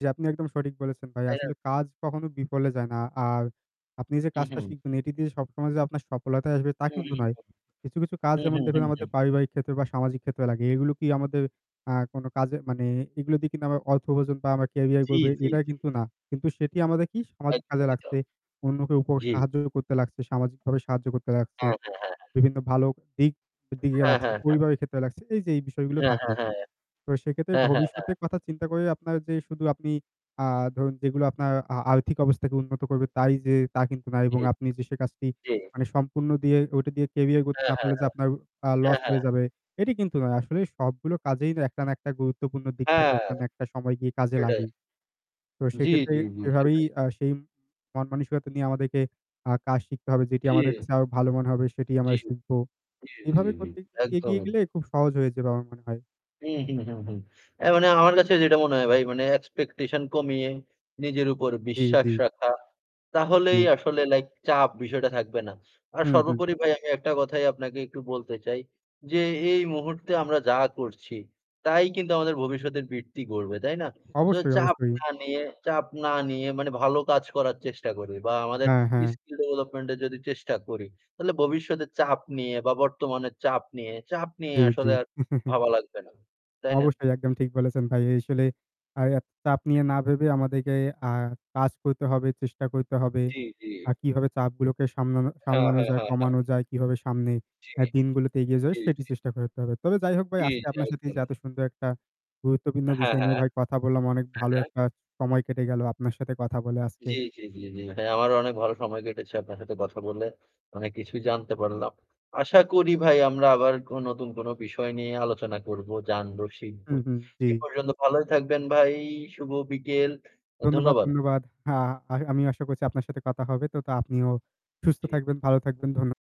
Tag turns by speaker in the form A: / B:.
A: জ্বী, আপনি একদম সঠিক বলেছেন ভাই।
B: তাই না?
A: আসলে কাজ কখনো বিফলে যায় না। আর আপনি যে
B: হু,
A: কাজটা
B: হু।
A: শিখবেন, এটি দিয়ে সবসময় যে আপনার সফলতাই আসবে তা
B: হুম,
A: কিন্তু
B: হুম,
A: নয়। কিছু, কিছু কাজ
B: হুম, হুম,
A: যেমন
B: হুম, হুম,
A: দেখুন
B: হুম,
A: আমাদের
B: হুম।
A: পারিবারিক ক্ষেত্রে বা সামাজিক ক্ষেত্রে লাগে। এগুলো কি আমাদের আ কোনো কাজে মানে এগুলো দিয়ে কিন্তু আমরা অর্থ উপার্জন বা আমরা
B: জ্বী,
A: [unintelligible]
B: জ্বী,
A: এটা
B: জ্বী, জ্বী।
A: কিন্তু না। কিন্তু সেটি আমাদের কি সামাজিক কাজে
B: একদমই তো।
A: লাগছে, অন্যকে উপর
B: জ্বী।
A: সাহায্য করতে লাগছে, সামাজিকভাবে সাহায্য করতে লাগছে।
B: হ্যাঁ, হ্যাঁ, হ্যাঁ, হ্যাঁ।
A: বিভিন্ন ভালো দিক দিকে
B: হ্যাঁ,
A: লাগছে,
B: হ্যাঁ, হ্যাঁ।
A: পরিবারের ক্ষেত্রে লাগছে, এই যে এই বিষয়গুলো
B: হ্যাঁ,
A: থাকে।
B: হ্যাঁ, হ্যাঁ।
A: তো সেইক্ষেত্রে
B: হ্যাঁ, হ্যাঁ, হ্যাঁ।
A: ভবিষ্যতের কথা চিন্তা করে আপনার যে শুধু আপনি আ ধরুন যেগুলো আপনার আ আর্থিক অবস্থাকে উন্নত করবে তাই যে তা কিন্তু না। এবং
B: ঠিক।
A: আপনি যে সে কাজটি
B: জ্বী।
A: মানে সম্পূর্ণ দিয়ে ওইটা দিয়ে ক্যারিয়ার গড়তে
B: হ্যাঁ,
A: না
B: হ্যাঁ,
A: পারলে যে
B: হ্যাঁ।
A: আপনার আ
B: হ্যাঁ,
A: লস
B: হ্যাঁ।
A: হয়ে যাবে, এটি কিন্তু নয়। আসলে সবগুলো কাজেই না একটা না একটা গুরুত্বপূর্ণ দিক থাকে,
B: হ্যাঁ।
A: একটা না একটা সময় গিয়ে কাজে
B: সেটাই।
A: লাগেই। তো
B: জ্বী,
A: সেইক্ষেত্রে
B: জ্বী জ্বী,
A: এভাবেই
B: সেটাই।
A: আ সেই মনমানসিকতা নিয়ে আমাদেরকে আ কাজ শিখতে হবে। যেটি আমাদের
B: জ্বী।
A: কাছে আরো ভালো মনে হবে সেটিই আমরা
B: জ্বী।
A: শিখবো।
B: জ্বী, জ্বী
A: এভাবে
B: জ্বী।
A: করতে [unintelligible]
B: একদম।
A: এগিয়ে গেলে খুব সহজ হয়ে যাবে আমার মনে হয়।
B: হুম, হুম, হুম, হুম। অ্যা মানে আমার কাছে যেটা মনে হয় ভাই মানে expectation কমিয়ে নিজের উপর
A: জ্বী,
B: বিশ্বাস
A: জ্বী।
B: রাখা, তাহলেই
A: জি।
B: আসলে লাইক চাপ বিষয়টা থাকবে না। আর
A: হুম, হুম।
B: সর্বোপরি ভাই আমি একটা কথাই আপনাকে একটু বলতে চাই। যে এই মুহূর্তে আমরা যা করছি। তাই কিন্তু আমাদের ভবিষ্যতের বৃত্তি গড়বে, তাই না? সো
A: অবশ্যই,
B: চাপ
A: অবশ্যই।
B: না নিয়ে চাপ না নিয়ে মানে ভালো কাজ করার চেষ্টা করি। বা আমাদের
A: হ্যাঁ, হ্যাঁ।
B: skill development এর যদি চেষ্টা করি, তাইলে ভবিষ্যতে চাপ নিয়ে বা বর্তমানের চাপ নিয়ে চাপ নিয়ে
A: জ্বী,
B: আসলে
A: জ্বী।
B: আর ভাবা লাগবে না, তাই না?
A: অবশ্যই একদম ঠিক বলেছেন ভাই। এই আসলে আই আ চাপ নিয়ে না ভেবে আমাদেরকে আ কাজ করতে হবে, চেষ্টা করতে হবে।
B: জ্বী, জ্বী।
A: আর কিভাবে চাপগুলোকে সামলানো
B: হ্যাঁ,
A: সামলানো
B: হ্যাঁ
A: যায়,
B: হ্যাঁ, হ্যাঁ।
A: কমানো যায়, কিভাবে সামনে অ্যা
B: জ্বী,
A: দিনগুলোতে এগিয়ে যায়,
B: জ্বী
A: সেটি
B: জ্বী।
A: চেষ্টা করতে হবে। তবে যাই হোক ভাই
B: জ্বী,
A: আজকে
B: জ্বী।
A: আপনার সাথে এইযে
B: একদমই।
A: এত সুন্দর একটা গুরুত্বপূর্ণ
B: হ্যাঁ,
A: বিষয় নিয়ে
B: হ্যাঁ।
A: ভাই কথা বললাম। অনেক
B: হ্যাঁ,
A: ভালো
B: হ্যাঁ।
A: একটা সময় কেটে গেল আপনার সাথে কথা বলে আজকে।
B: জ্বী, জ্বী, জ্বী, জ্বী ভাই। আমারও অনেক ভালো সময় কেটেছে আপনার সাথে কথা বলে, অনেক কিছুই জানতে পারলাম। আশা করি ভাই আমরা আবার অ নতুন কোনো বিষয় নিয়ে আলোচনা করবো, জানবো, শিখবো।
A: হুম, হুম জ্বী।
B: এ পর্যন্ত ভালোই থাকবেন ভাই, শুভ বিকেল। এ
A: ধন্যবাদ,
B: ধন্যবাদ।
A: ধন্যবাদ। হ্যাঁ আই আমিও আশা করছি আপনার সাথে কথা হবে। তো তো আপনিও সুস্থ
B: জি।
A: থাকবেন, ভালো থাকবেন। ধন্য